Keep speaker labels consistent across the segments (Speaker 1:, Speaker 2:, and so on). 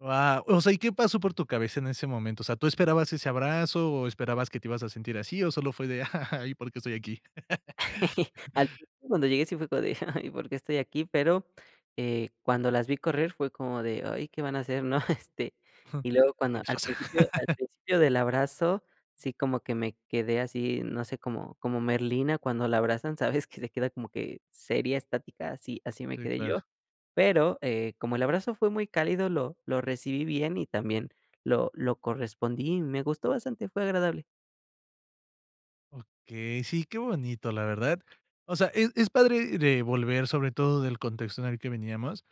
Speaker 1: Guau, o sea, ¿y qué pasó por tu cabeza en ese momento? O sea, ¿tú esperabas ese abrazo?, o, ¿esperabas que te ibas a sentir así?, o solo fue de: "Y, ¿por qué estoy aquí?"
Speaker 2: Al principio, cuando llegué sí fue como de, ay, ¿por qué estoy aquí? Pero, eh, cuando las vi correr fue como de, ay, ¿qué van a hacer, no? Este,
Speaker 1: Jum,
Speaker 2: y y luego
Speaker 1: ¿qué
Speaker 2: cuando,
Speaker 1: les
Speaker 2: al
Speaker 1: pasa?
Speaker 2: principio al principio del abrazo, sí como que me quedé así, no sé, como como Merlina cuando la abrazan, ¿sabes?, que se queda como que seria, estática, así así me
Speaker 1: Sí,
Speaker 2: quedé
Speaker 1: claro.
Speaker 2: yo. Pero, eh, como el abrazo fue muy cálido, lo lo recibí bien, y también lo lo correspondí, y me gustó bastante, fue agradable.
Speaker 1: Okey. Sí, qué bonito, la verdad. O sea, es es padre re volver, sobre todo del contexto en el que veníamos,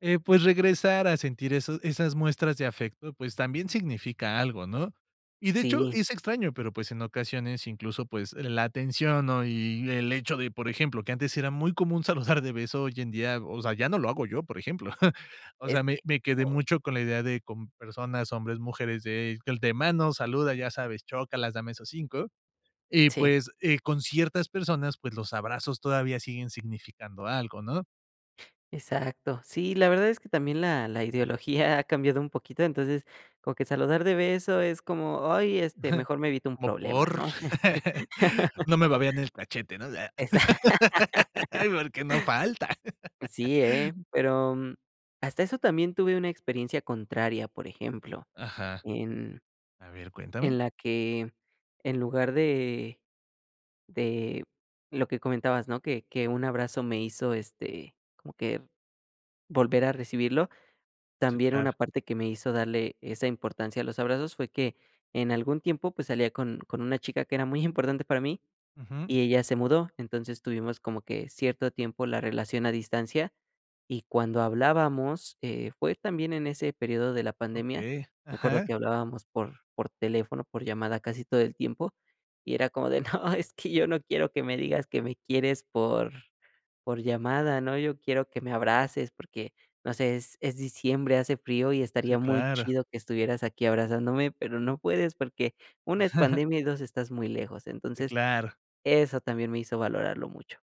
Speaker 1: eh, pues, regresar a sentir eso esas muestras de afecto, pues, también significa algo, ¿no? Y, de hecho,
Speaker 2: Sí.
Speaker 1: es extraño, pero, pues, en ocasiones incluso, pues, la atención, ¿no? Y el hecho de, por ejemplo, que antes era muy común saludar de beso, hoy en día, o sea, ya no lo hago yo, por ejemplo. O sea,
Speaker 2: Es
Speaker 1: me
Speaker 2: que
Speaker 1: me quedé
Speaker 2: oh.
Speaker 1: mucho con la idea de con personas, hombres, mujeres de de manos, saluda, ya sabes, chócalas, dame esos 5, y
Speaker 2: Sí.
Speaker 1: pues, eh, con ciertas personas, pues, los abrazos todavía siguen significando algo, ¿no?
Speaker 2: Exacto. Sí, la verdad es que también la la ideología ha cambiado un poquito, entonces, como que saludar de beso es como, ay este, mejor me evito un
Speaker 1: ¿Como
Speaker 2: problema,
Speaker 1: por?
Speaker 2: ¿no?
Speaker 1: No me babeén el cachete, ¿no?
Speaker 2: Exa
Speaker 1: Ay, porque, no falta.
Speaker 2: Sí, ¿eh?, pero, hasta eso también tuve una experiencia contraria, por ejemplo,
Speaker 1: Ajá.
Speaker 2: en
Speaker 1: A ver,
Speaker 2: en
Speaker 1: cuéntame.
Speaker 2: la que en lugar de de lo que comentabas, ¿no? Que que un abrazo me hizo, este, como que volver a recibirlo.
Speaker 1: Sí,
Speaker 2: También,
Speaker 1: claro.
Speaker 2: una parte que me hizo darle esa importancia a los abrazos fue que en algún tiempo, pues, salía con con una chica que era muy importante para mí
Speaker 1: Ujú.
Speaker 2: y ella se mudó. Entonces, tuvimos como que cierto tiempo la relación a distancia, y cuando hablábamos, eh, fue también en ese periodo de la pandemia,
Speaker 1: Okey.
Speaker 2: me acuerdo
Speaker 1: Ajá.
Speaker 2: que hablábamos por por teléfono, por llamada casi todo el tiempo, y era como de: "No, es que yo no quiero que me digas que me quieres por por llamada, ¿no? Yo quiero que me abraces porque, no sé, es, es diciembre, hace frío y
Speaker 1: Sí,
Speaker 2: estaría muy
Speaker 1: claro.
Speaker 2: chido que estuvieras aquí abrazándome, pero, no puedes porque, 1 es pandemia, y 2, estás muy lejos".
Speaker 1: Sí,
Speaker 2: Entonces,
Speaker 1: claro.
Speaker 2: eso también me hizo valorarlo mucho.